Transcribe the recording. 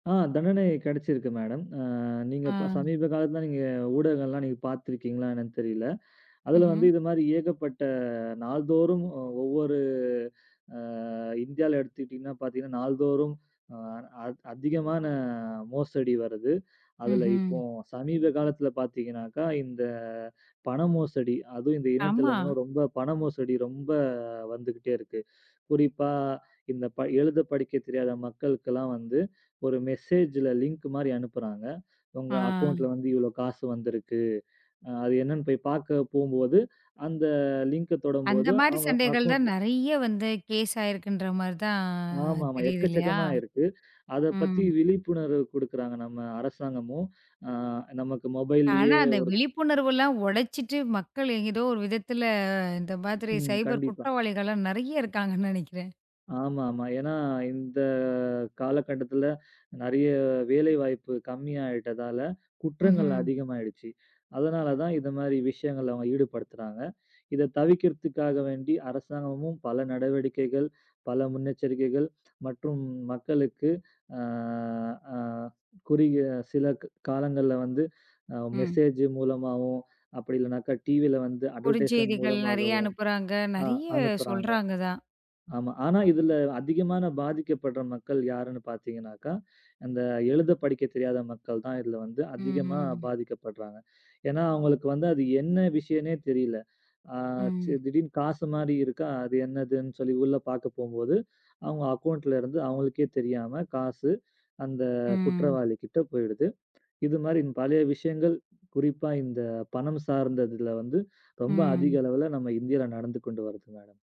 அ. தண்டனை கிடைச்சிருக்கு மேடம் அ நீங்க, இப்ப ஆ. சமீபகாலத்துல நீங்க ஊடகங்கள் எல்லாம் நீங்கப் பாத்துருக்கீங்களா என்னான்னு தெரியல. அதுல வந்து ம்ஹம். இது மாதிரி ஏகப்பட்ட நாள்தோறும் ஒவ்வொரு அ இந்தியால எடுத்துக்கிட்டீங்கன்னா பார்த்தீங்கன்னா நாள்தோறும், அ அத் அதிகமான அ, மோசடி வருது. அதுல இப்போ ம்ஹ்ம். சமீப காலத்துல பார்த்தீங்கன்னாக்கா, இந்த பணம் மோசடி. அதுலேயும் இந்த ஆமா. இணையதில்ல ரொம்ப பண மோசடி ரொம்ப வந்துகிட்டே இருக்கு. குறிப்பா இந்தப் ப எழுதப் படிக்கத் தெரியாத மக்களுக்கெல்லாம் வந்து, ஒரு மெசேஜ்ல லிங்க் மாரி அனுப்புறாங்க. உங்க ஆ. அக்கௌன்ட்ல வந்து இவ்ளோ காசு வந்திருக்கு. அ அது என்னன்னு போய் பார்க்கப் போகும்போது, அந்த லிங்க அந்த தொடும்போது மாரி அவங்க சண்டைகள் தான் அக்கௌன்ட்ல நெறைய வந்து கேஸ் ஆயிருக்குன்ற மாரிதா ஆமாமா. தெரியுது. இல்லையா? எக்கச்சக்கமா இருக்கு. அதப் ம். பத்தி விழிப்புணர்வு குடுக்கறாங்க நம்ம அரசாங்கமும். அ, நமக்கு ஆனா, மொபைல்லியே அந்த ஒரு விழிப்புணர்வு எல்லாம் உடைச்சிட்டு மக்கள் ஏதோ ஒரு விதத்துல இந்த மாதிரி ம். சைபர் கண்டிப்பா. குற்றவாளிகள் எல்லாம் நெறைய இருக்காங்கன்னு நெனைக்கிறேன் ஆமா, ஆமா. ஏன்னா, இந்த காலகட்டத்துல நெறைய வேலைவாய்ப்பு கம்மியாயிட்டதால குற்றங்கள் ம்ஹ்ம். அதிகமாயிடுச்சு. அதனால தான், இந்த மாதிரி விஷயங்கள்ல அவங்க ஈடுபடுத்துறாங்க. இதைத் தவிர்க்கறதுக்காக வேண்டி அரசாங்கமும் பல நடவடிக்கைகள், பல முன்னெச்சரிக்கைகள் மற்றும் மக்களுக்கு அ அ, குறுகிய சிலக் காலங்கள்ல வந்து, அ ம். மெசேஜ் மூலமாகவும், அப்டியில்லைனாக்கா டீவில வந்து அட்வெர்டைஸ்மென்ட் குருஞ்செய்திகள் நெறைய மூலமாகவும் அனுப்புறாங்க. அ, நெறைய அனுப்புறாங்க. சொல்றாங்க தான். ஆமா. ஆனா, இதுல அதிகமான பாதிக்கப்படுற மக்கள் யாருன்னு பார்த்தீங்கன்னாக்கா, அந்த எழுதப் படிக்கத் தெரியாத மக்கள்தான் இதுல வந்து ம், ம், அதிகமா ம். பாதிக்கப்பட்றாங்க. ஏன்னா, அவங்களுக்கு வந்து அது என்ன விஷயன்னே தெரியல. ஆ, இச்சு ம். திடீர்னு காசு மாரி இருக்கா. அது என்னதுன்னு சொல்லி உள்ள பார்க்கப் போகும்போது அவங்க அக்கௌன்ட்ல இருந்து அவங்களுக்கே தெரியாம, காசு அந்த ம். குற்றவாளிகிட்ட போயிடுது. இது மாதிரி பல விஷயங்கள், குறிப்பா இந்தப் பணம் சார்ந்ததுல வந்து ரொம்ப அதிக ம். அளவுல நம்ம இந்தியால நடந்து கொண்டு வருது மேடம்.